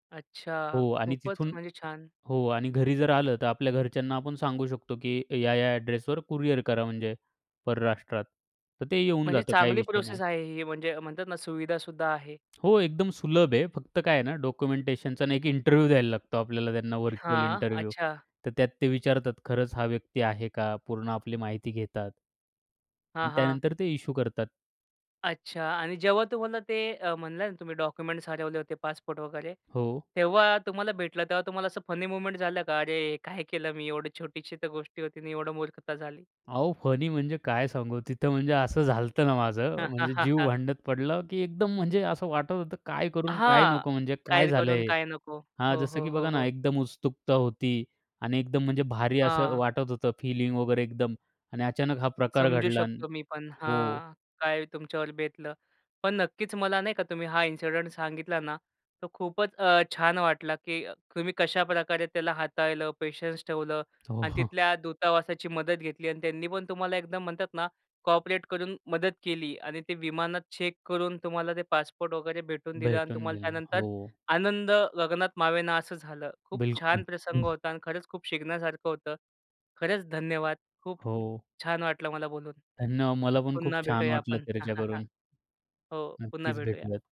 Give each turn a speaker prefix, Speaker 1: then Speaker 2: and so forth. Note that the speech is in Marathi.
Speaker 1: अच्छा.
Speaker 2: हो आणि
Speaker 1: खूपच
Speaker 2: तिथून
Speaker 1: म्हणजे छान.
Speaker 2: हो आणि घरी जर आलं तर आपल्या घरच्यांना आपण सांगू शकतो, की या-या अड्रेसवर कुरिअर करा म्हणजे. परराष्ट्रात तर ते येऊन
Speaker 1: म्हणजे
Speaker 2: जातं, काही
Speaker 1: चांगली
Speaker 2: विषय नाही.
Speaker 1: प्रोसेस आहे, ही म्हणजे म्हणतात ना, सुविधासुद्धा आहे.
Speaker 2: हो, एकदम सुलभ आहे. फक्त काय आहे ना, डॉक्युमेंटेशनचा एक इंटरव्ह्यू द्यायला लागतो आपल्याला. त्यांना व्हर्चुअल
Speaker 1: हां,
Speaker 2: इंटरव्ह्यू.
Speaker 1: अच्छा.
Speaker 2: तर त्यात ते विचारतात, खरंच हा व्यक्ती आहे का. पूर्ण आपली माहिती घेतात.
Speaker 1: हां,
Speaker 2: आणि
Speaker 1: हां.
Speaker 2: त्यानंतर ते इश्यू करतात.
Speaker 1: अच्छा आणि जेव्हा तुम्हाला ते अ, म्हणलं ना, तुम्ही डॉक्युमेंट्स हरवले होते, पासपोर्ट वगैरे.
Speaker 2: हो.
Speaker 1: तेव्हा तुम्हाला भेटला, तेव्हा तुम्हाला असं फनी मूव्हमेंट झालं का? अरे, काय केलं मी? एवढी छोटीशी तर गोष्टी होती ना. एवढी मूर्खता झाली?
Speaker 2: अहो, फनी म्हणजे काय सांगू. तिथं म्हणजे असं झालं होतं ना माझं. म्हणजे जीव भांड्यात पडला की एकदम म्हणजे असं वाटत होतं, काय करू, काय
Speaker 1: हां.
Speaker 2: नको? म्हणजे काय
Speaker 1: काय करू,
Speaker 2: झालं
Speaker 1: अन
Speaker 2: हे.
Speaker 1: काय नको?
Speaker 2: हां,
Speaker 1: हो,
Speaker 2: जसं
Speaker 1: हो,
Speaker 2: की बघा
Speaker 1: हो,
Speaker 2: ना,
Speaker 1: हो.
Speaker 2: एकदम उत्सुकता होती आणि एकदम म्हणजे भारी असं
Speaker 1: हां.
Speaker 2: वाटत होतं फीलिंग वगैरे एकदम आणि अचानक हा प्रकार
Speaker 1: समजू
Speaker 2: घडला आणि
Speaker 1: शकतो मी पण
Speaker 2: हो.
Speaker 1: हां. काय तुमच्यावर बेतलं. पण नक्कीच मला नाही का, तुम्ही हा इन्सिडंट सांगितला ना, तर खूपच अ, छान वाटलं. की तुम्ही कशाप्रकारे त्याला हाताळलं, पेशन्स ठेवलं
Speaker 2: हो, हो.
Speaker 1: आणि तिथल्या दूतावासाची मदत घेतली. आणि त्यांनी पण तुम्हाला एकदम म्हणतात, कोऑपरेट करून मदत केली आणि ते विमानात चेक करून तुम्हाला ते पासपोर्ट वगैरे भेटून दिलं. आणि
Speaker 2: भेटून
Speaker 1: तुम्हाला
Speaker 2: दिल.
Speaker 1: त्यानंतर
Speaker 2: हो.
Speaker 1: आनंद गगनात मावेना असं झालं. खूप छान
Speaker 2: बिलकुल.
Speaker 1: प्रसंग
Speaker 2: हं.
Speaker 1: होता आणि खरंच खूप शिकण्यासारखं होतं. खरंच धन्यवाद. खूप
Speaker 2: हो.
Speaker 1: छान वाटलं मला बोलून.
Speaker 2: धन्यवाद. मला पण
Speaker 1: पुन्हा
Speaker 2: खूप छान
Speaker 1: भेटूया
Speaker 2: वाटलं
Speaker 1: आपण
Speaker 2: चर्चा करून.
Speaker 1: हो, पुन्हा
Speaker 2: नक्कीच
Speaker 1: भेटूया.
Speaker 2: भेटूयात.